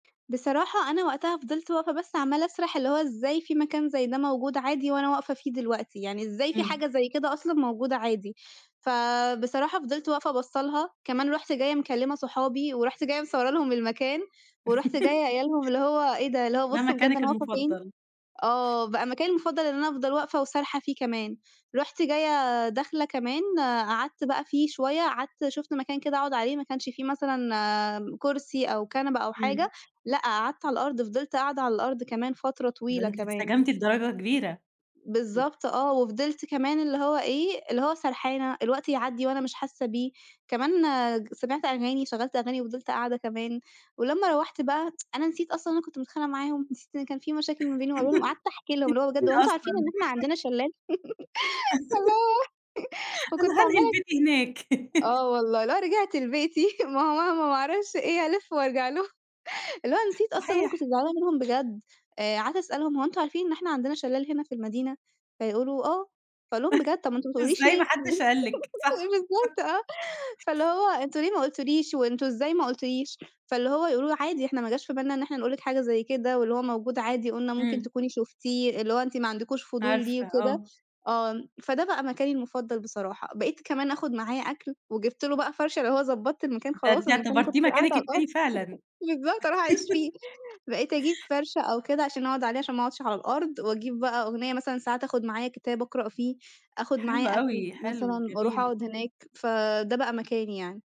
بصراحة أنا وقتها فضلت واقفة بس عمّالة أسرح اللي هو إزاي في مكان زي ده موجود عادي وأنا واقفة فيه دلوقتي! يعني إزاي في إمم. حاجة زي كده أصلًا موجودة عادي؟ فبصراحة فضلت واقفة باصة لها، كمان رُحت جايّة مكلمة صحابي، ورُحت جايّة مصورة لهم المكان، ورُحت جايّة قايلة لهم اللي هو إيه ده، اللي هو ده بصوا بجد مكانِك أنا واقفة فين! المفضل. آه بقى مكاني المفضل إن أنا أفضل واقفة وسارحة فيه كمان، رُحت جايّة داخلة كمان قعدت بقى فيه شويّة، قعدت شُفت مكان كده أقعد عليه ما كانش في مثلًا كرسي أو كنبة أو حاجة إمم. لأ، قعدت على الأرض فضلت قاعدة على الأرض كمان فترة ده طويلة أنتِ كمان. انسجمتِ لدرجة كبيرة. امم. بالضبط آه وفضلت كمان اللي هو إيه، اللي هو سرحانة الوقت يعدّي وأنا مش حاسّة بيه، كمان سمعت أغاني شغلت أغاني وفضلت قاعدة كمان، ولمّا روّحت بقى أنا نسيت أصلًا إن أنا كنت متخانقة معاهم، نسيت إن كان في مشاكل ما بيني وما أنتِ بينهم، قعدت أحكِي لهم اللي هو بجد مين هو أنتم عارفين إن أصلًا؟ إحنا عندنا شلال؟ الله و أنا وكنت هانقل عمّالة بيتي هناك. آه والله اللي هو رجعت لبيتي ما هو مهما، ما أعرفش إيه ألِف وأرجع لهم، لأ نسيت أصلًا إن أنا صحيح. كنت زعلانة منهم بجد، آآ قعدت أسألهم هو أنتم عارفين إن إحنا عندنا شلال هنا في المدينة؟ فيقولوا آه، فأقول لهم: بجد طب ما أنتم ما بتقولوليش إزاي ما ليه؟ حدش قال لِك؟ صح. بالضبط آه فاللي هو أنتم ليه ما قُلتوليش وأنتم إزاي ما قٌلتوليش؟ فاللي هو يقولوا لي عادي إحنا ما جاش في بالنا إن إحنا نقول لِك حاجة زي كده، واللي هو موجود عادي وقُلنا ممكن إمم. تكوني شُفتيه، اللي هو أنتِ ما عندكوش فضول ليه عارفة وكده آه. آه، فده بقى مكاني المفضل بصراحة بقيت كمان آخد معايا أكل وجِبت له بقى فَرشة، اللي هو ضبطت المكان ده خلاص أنتِ المكان كنت اعتبرتيه قاعدة مكانِك على الأرض التاني فعلًا. بالضبط هاروح أعيش فيه، بقيت أجيب فَرشة أو كده عشان أقعد عليه عشان ما أقعدش على الأرض وأجيب بقى أغنية مثلًا ساعات آخد معايا كتاب أقرأ فيه، آخد حلو معايا أكل أوي، مثلًا حلو وأروح جميل. أقعد هناك، فده بقى مكاني يعني.